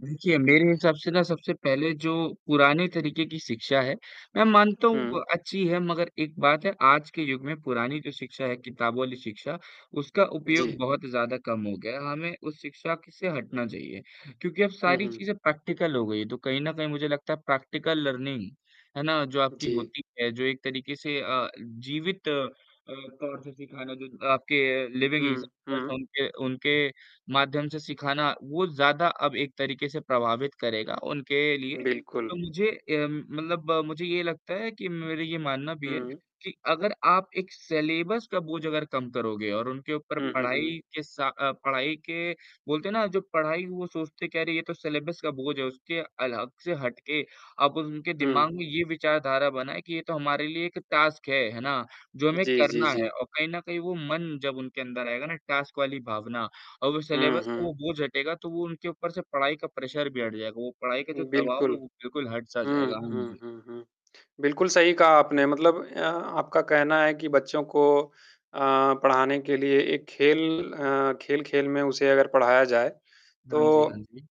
देखिए, मेरे हिसाब से ना सबसे पहले जो पुराने तरीक़े की शिक्षा है, मैं मानता हूँ वो हुँ। अच्छी है मगर एक बात है आज के युग में पुरानी जो शिक्षा है किताबों वाली शिक्षा, उसका उपयोग जी। बहुत ज़्यादा कम हो गया है। हमें उस शिक्षा की से हटना चाहिए क्योंकि अब हुँ, सारी हुँ। चीज़ें प्रैक्टिकल हो गई है, तो कहीं न कहीं मुझे लगता है प्रैक्टिकल लर्निंग है ना? जो आपकी जी। होती है जो एक तरीक़े से अ, जीवित अ, तौर से सिखाना जो आपके लिविंग हुँ, एग्ज़ाम्पलस हुँ। हैं उनके उनके माध्यम से सिखाना वो ज़्यादा अब एक तरीक़े से प्रभावित करेगा उनके लिए। बिल्कुल। तो मुझे अ, मतलब मुझे ये लगता है कि मेरी ये मानना भी है हुँ। कि अगर आप एक सिलेबस का बोझ अगर कम करोगे और उनके ऊपर हुँ, हुँ, हुँ। पढ़ाई के सा अ, पढ़ाई के बोलते हैं ना जो पढ़ाई वो सोचते कह रही है तो सिलेबस का बोझ है, उसके अलग से हट के आप उनके दिमाग हुँ। में ये विचारधारा बनाए कि ये तो हमारे लिए एक टास्क है, है ना? जो हमें जी, जी, करना है जी। और कहीं न कहीं वो मन जब उनके अंदर आएगा ना टास्क वाली भावना और वो हुँ, सिलेबस का हुँ। वो बोझ हटेगा तो वो उनके ऊपर से पढ़ाई का प्रेशर भी हट जाएगा। वो पढ़ाई का जो दबाव है, बिल्कुल। वो बिल्कुल हट-सा हुँ, जाएगा। हाँ हुँ, जी। हुँ, हुँ। बिल्कुल सही कहा आपने मतलब अ, आपका कहना है कि बच्चों को अ, पढ़ाने के लिए एक खेल अ, खेल-खेल में उसे अगर पढ़ाया जाए, हाँ जी, हाँ तो जी।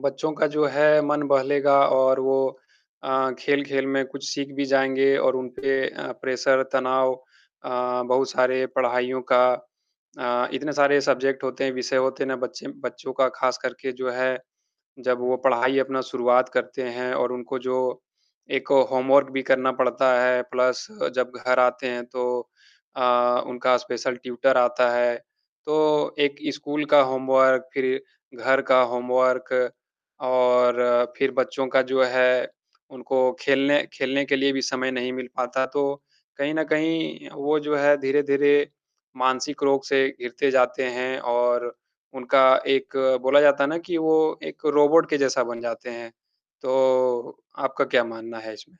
बच्चों का जो है मन बहलेगा और वो अ, खेल-खेल में कुछ सीख भी जाएँगे और उन पे अ, प्रेशर, तनाव अ, बहुत सारे पढ़ाइयों का अ, इतने सारे सब्जेक्ट होते हैं, विषय होते हैं ना बच्चे बच्चों का ख़ास करके जो है, जब वो पढ़ाई अपना शुरुआत करते हैं और उनको जो एक ओ, होमवर्क भी करना पड़ता है प्लस जब घर आते हैं तो अ, उनका स्पेशल ट्यूटर आता है। तो एक स्कूल का होमवर्क फ़िर घर का होमवर्क और फ़िर बच्चों का जो है, उनको खेलने खेलने के लिए भी समय नहीं मिल पाता, तो कहीं न कहीं वो जो है धीरे-धीरे मानसिक रोग से घिरते जाते हैं और उनका एक बोला जाता है ना कि वो एक रोबोट के जैसा बन जाते हैं। तो आपका क्या मानना है इसमें?